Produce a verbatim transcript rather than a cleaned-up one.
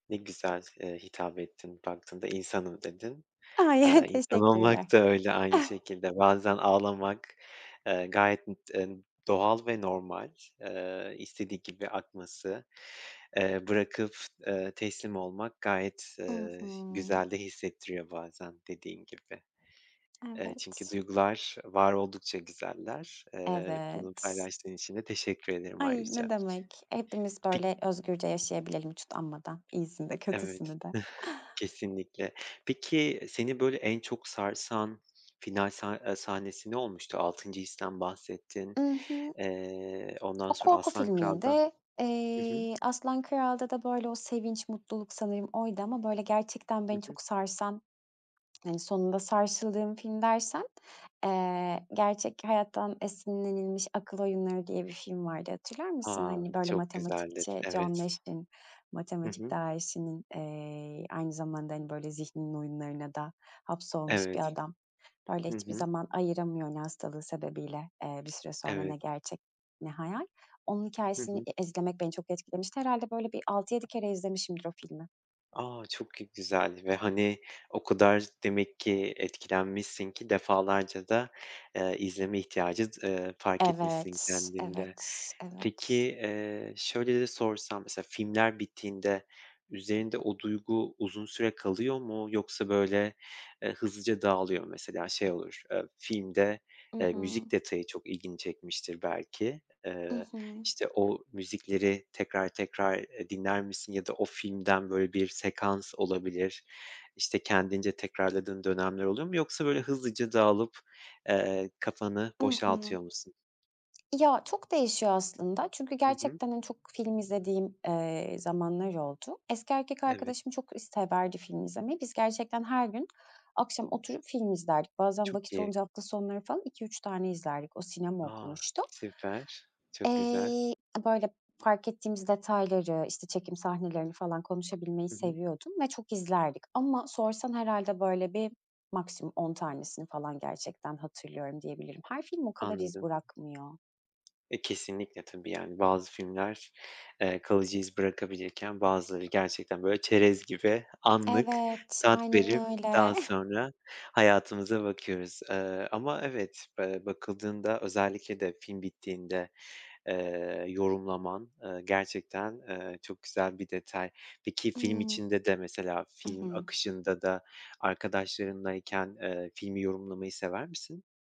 Ne güzel, eee, hitap ettin, "Baktığında insanım." dedin. Ay! Aaa, insan olmak Teşekkürler. da öyle aynı şekilde. Bazen ağlamak, eee, gayet, ı en doğal ve normal, eee, istediği gibi akması, eee, bırakıp, eee, teslim olmak gayet, I eee, hı. güzel de hissettiriyor bazen dediğin gibi. Eee, çünkü Evet. duygular var oldukça güzeller. Eee, bunu Evet. paylaştığın için de teşekkür ederim Ay, ne ayrıca. demek? Hepimiz P böyle özgürce yaşayabilelim hiç utanmadan iyisini de Evet. kötüsünü de. Kesinlikle. Peki seni böyle en çok sarsan final sa eee sahnesi ne olmuştu? Altıncı histen bahsettin. I hı. Eee, ondan O sonra korku Aslan Kral'dan filmiydi. Hı hı. Eee, Aslan Kral'da da böyle o sevinç, mutluluk; sanırım oydu ama, böyle, gerçekten Hı beni hı. çok sarsan, hani, sonunda sarsıldığım film dersen, eee, gerçek hayattan esinlenilmiş Akıl Oyunları diye bir film vardı, hatırlar mısın? A! Hani, böyle, Çok güzeldir, matematikçi John evet. Nash'in, Hı matematik hı. dâhisinin, eee, aynı zamanda, hani, böyle, zihninin oyunlarına da hapsolmuş bir Evet. adam. Böyle, Hı hiçbir hı. zaman ayıramıyor, hani, hastalığı sebebiyle, eee, bir süre sonra, Evet. ne gerçek ne hayal. Onun Hı hikâyesini hı. e izlemek beni çok etkilemişti. Herhâlde, böyle, bir altı yedi kere izlemişimdir o filmi. A! Çok gü güzeldi ve, hani, o kadar demek ki etkilenmişsin ki defalarca da, eee, izleme ihtiyacı, eee, fark etmişsin Evet, kendinde. evet, Peki, evet. eee, şöyle de sorsam, mesela filmler bittiğinde üzerinde o duygu uzun süre kalıyor mu yoksa böyle, eee, hızlıca dağılıyor mu? Mesela şey olur, eee, filmde, I eee, hı. müzik detayı çok ilgini çekmiştir belki. I Eee, hı. işte, o müzikleri tekrar tekrar, eee, dinler misin ya da o filmden, böyle, bir sekans olabilir, işte, kendince tekrarladığın dönemler oluyor mu yoksa böyle hızlıca dağılıp, eee, kafanı I hı. boşaltıyor musun? Ya, çok değişiyor aslında çünkü Hı hı. gerçekten, hani, çok film izlediğim, eee, zamanlar oldu. Eski erkek Evet. arkadaşım çok is severdi film izlemeyi. Biz gerçekten her gün akşam oturup film izlerdik. Bazen Çok vakit iyi. olunca hafta sonları falan iki üç tane izlerdik. O sinema A! okumuştu. Süper, çok güzel. Eee, a böyle, fark ettiğimiz detayları, işte, çekim sahnelerini falan konuşabilmeyi Hı hı. seviyordum ve çok izlerdik ama sorsan herhâlde, böyle, bir maksimum on tanesini falan gerçekten hatırlıyorum diyebilirim. Her film o kadar iz Anladım. bırakmıyor. E, kesinlikle tabii, yani bazı filmler, eee, kalıcı iz bırakabilirken bazıları gerçekten böyle çerez gibi anlık Evet, tat aynen verip öyle. daha sonra hayatımıza bakıyoruz. Eee, ama evet, eee, bakıldığında özellikle de film bittiğinde, eee, yorumlaman, eee, gerçekten, eee, çok güzel bir detay. Peki film Imm. içinde de mesela I hı. film akışında da arkadaşlarınlayken, eee, filmi yorumlamayı sever misin?